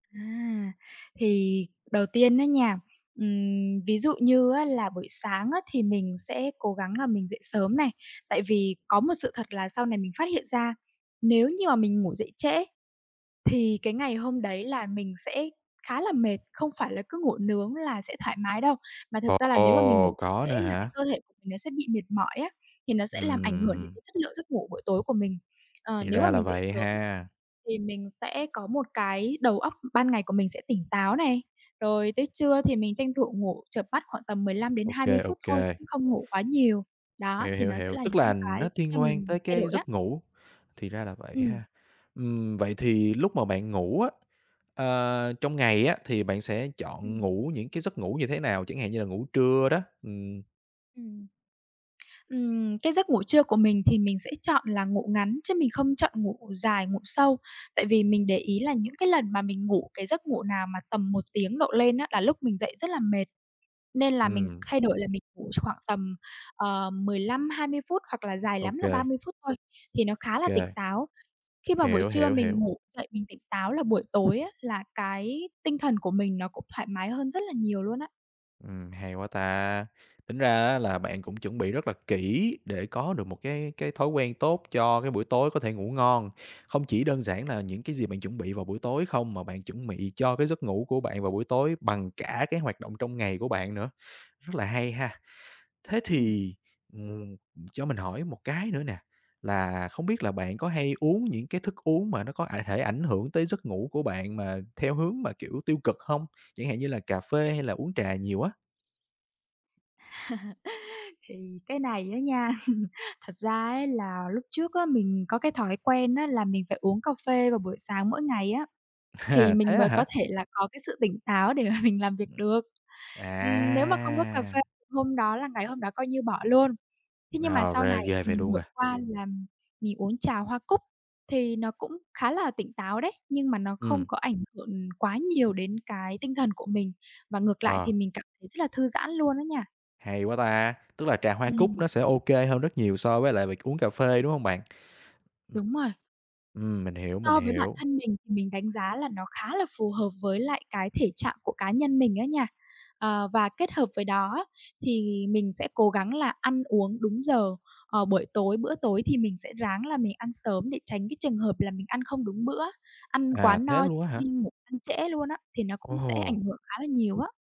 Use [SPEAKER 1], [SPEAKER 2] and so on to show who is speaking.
[SPEAKER 1] À, thì đầu tiên á nha, ừm, ví dụ như á là buổi sáng á, thì mình sẽ cố gắng là mình dậy sớm này. Tại vì có một sự thật là sau này mình phát hiện ra, nếu mà mình ngủ dậy trễ thì cái ngày hôm đấy là mình sẽ khá là mệt, không phải là cứ ngủ nướng là sẽ thoải mái đâu. Mà thực
[SPEAKER 2] Ồ.
[SPEAKER 1] ra là nếu mà mình
[SPEAKER 2] Ồ!
[SPEAKER 1] ngủ dậy
[SPEAKER 2] Có
[SPEAKER 1] trễ
[SPEAKER 2] nữa
[SPEAKER 1] là cái
[SPEAKER 2] hả?
[SPEAKER 1] cơ thể nó sẽ bị mệt mỏi á, thì nó sẽ làm ảnh hưởng đến
[SPEAKER 2] Ừm.
[SPEAKER 1] cái chất lượng giấc ngủ buổi tối của mình. Ờ,
[SPEAKER 2] Thì
[SPEAKER 1] nếu mà
[SPEAKER 2] ra là
[SPEAKER 1] mình dậy
[SPEAKER 2] vậy
[SPEAKER 1] sớm
[SPEAKER 2] ha.
[SPEAKER 1] thì mình sẽ có một cái đầu óc ban ngày của mình sẽ tỉnh táo này, rồi tới trưa thì mình tranh thủ ngủ chợp mắt khoảng tầm mười lăm đến hai
[SPEAKER 2] OK,
[SPEAKER 1] mươi phút thôi
[SPEAKER 2] OK.
[SPEAKER 1] chứ không ngủ quá nhiều. Đó,
[SPEAKER 2] Hiểu,
[SPEAKER 1] thì
[SPEAKER 2] hiểu,
[SPEAKER 1] nó sẽ
[SPEAKER 2] hiểu,
[SPEAKER 1] là
[SPEAKER 2] tức
[SPEAKER 1] những
[SPEAKER 2] là
[SPEAKER 1] cái
[SPEAKER 2] nó
[SPEAKER 1] giúp cho
[SPEAKER 2] tiên quan
[SPEAKER 1] mình
[SPEAKER 2] tới
[SPEAKER 1] thay
[SPEAKER 2] cái
[SPEAKER 1] đổi á.
[SPEAKER 2] giấc ngủ, thì ra là vậy
[SPEAKER 1] Ừm.
[SPEAKER 2] ha. Ừm, vậy thì lúc mà bạn ngủ á, ờ, trong ngày á, thì bạn sẽ chọn
[SPEAKER 1] Ừm.
[SPEAKER 2] ngủ những cái giấc ngủ như thế nào? Chẳng hạn như là ngủ trưa đó, ừm.
[SPEAKER 1] Ừm. Ừm, cái giấc ngủ trưa của mình thì mình sẽ chọn là ngủ ngắn chứ mình không chọn ngủ dài, ngủ sâu. Tại vì mình để ý là những cái lần mà mình ngủ cái giấc ngủ nào mà tầm 1 tiếng độ lên á, là lúc mình dậy rất là mệt, nên là mình
[SPEAKER 2] Ừm.
[SPEAKER 1] thay đổi là mình ngủ ch khoảng tầm, ờ, 15, 20 phút, hoặc là dài lắm là ba
[SPEAKER 2] OK.
[SPEAKER 1] mươi phút thôi thì nó khá là tỉnh
[SPEAKER 2] Kê.
[SPEAKER 1] táo. Khi mà buổi
[SPEAKER 2] Hiểu,
[SPEAKER 1] trưa
[SPEAKER 2] hiểu,
[SPEAKER 1] mình
[SPEAKER 2] hiểu.
[SPEAKER 1] ngủ dậy mình tỉnh táo là buổi tối á, là cái tinh thần của mình nó cũng thoải mái hơn rất là nhiều luôn á.
[SPEAKER 2] Ừm, hay quá ta! Tính ra á là bạn cũng chuẩn bị rất là kỹ để có được một cái cái thói quen tốt cho cái buổi tối có thể ngủ ngon. Không chỉ đơn giản là những cái gì bạn chuẩn bị vào buổi tối không, mà bạn chuẩn bị cho cái giấc ngủ của bạn vào buổi tối bằng cả cái hoạt động trong ngày của bạn nữa, rất là hay ha. Thế
[SPEAKER 1] Ừm.
[SPEAKER 2] thì, ừm, cho mình hỏi một cái nữa nè, là không biết là bạn có hay uống những cái thức uống mà nó có ải thể ảnh hưởng tới giấc ngủ của bạn mà theo hướng mà, kiểu, tiêu cực hông? Chẳng hạn như là cà phê hay là uống trà nhiều á.
[SPEAKER 1] Thì cái này á nha, thật ra ấy, là lúc trước á, mình có cái thói quen á, là mình phải uống cà phê vào buổi sáng mỗi ngày á, thì
[SPEAKER 2] À, thế
[SPEAKER 1] mình
[SPEAKER 2] á
[SPEAKER 1] mới
[SPEAKER 2] hả?
[SPEAKER 1] có thể là có cái sự tỉnh táo để mà mình làm việc
[SPEAKER 2] Ừm.
[SPEAKER 1] được, ừm, nếu mà không có cà
[SPEAKER 2] À!
[SPEAKER 1] phê hôm đó là ngày hôm đó coi như bỏ luôn. Thế nhưng mà
[SPEAKER 2] Nào,
[SPEAKER 1] sau
[SPEAKER 2] rê
[SPEAKER 1] này
[SPEAKER 2] ghê vậy
[SPEAKER 1] mình
[SPEAKER 2] luôn
[SPEAKER 1] vượt
[SPEAKER 2] à.
[SPEAKER 1] qua là mình mình uống trà hoa cúc thì nó cũng khá là tỉnh táo đấy, nhưng mà nó không
[SPEAKER 2] Ừm.
[SPEAKER 1] có ảnh hưởng quá nhiều đến cái tinh thần của mình, và ngược lại
[SPEAKER 2] Ờ.
[SPEAKER 1] thì mình cảm thấy rất là thư giãn luôn á nha.
[SPEAKER 2] Hay quá ta! Tức là trà hoa cúc
[SPEAKER 1] Ừm.
[SPEAKER 2] nó sẽ OK hơn rất nhiều so với lại việc uống cà phê, đúng hông bạn? Ừm.
[SPEAKER 1] Đúng rồi.
[SPEAKER 2] Ừm, mình hiểu, mình
[SPEAKER 1] So với bản
[SPEAKER 2] hiểu.
[SPEAKER 1] thân mình thì mình đánh giá là nó khá là phù hợp với lại cái thể trạng của cá nhân mình á nha. Ờ, và kết hợp với đó á, thì mình sẽ cố gắng là ăn uống đúng giờ, ờ, buổi tối, bữa tối thì mình sẽ ráng là mình ăn sớm để tránh cái trường hợp là mình ăn không đúng bữa, ăn quá
[SPEAKER 2] À, thế
[SPEAKER 1] no
[SPEAKER 2] luôn á
[SPEAKER 1] khi
[SPEAKER 2] hả?
[SPEAKER 1] đi ngủ, ăn trễ luôn á, thì nó cũng sẽ ảnh
[SPEAKER 2] Ồ!
[SPEAKER 1] hưởng khá là nhiều á.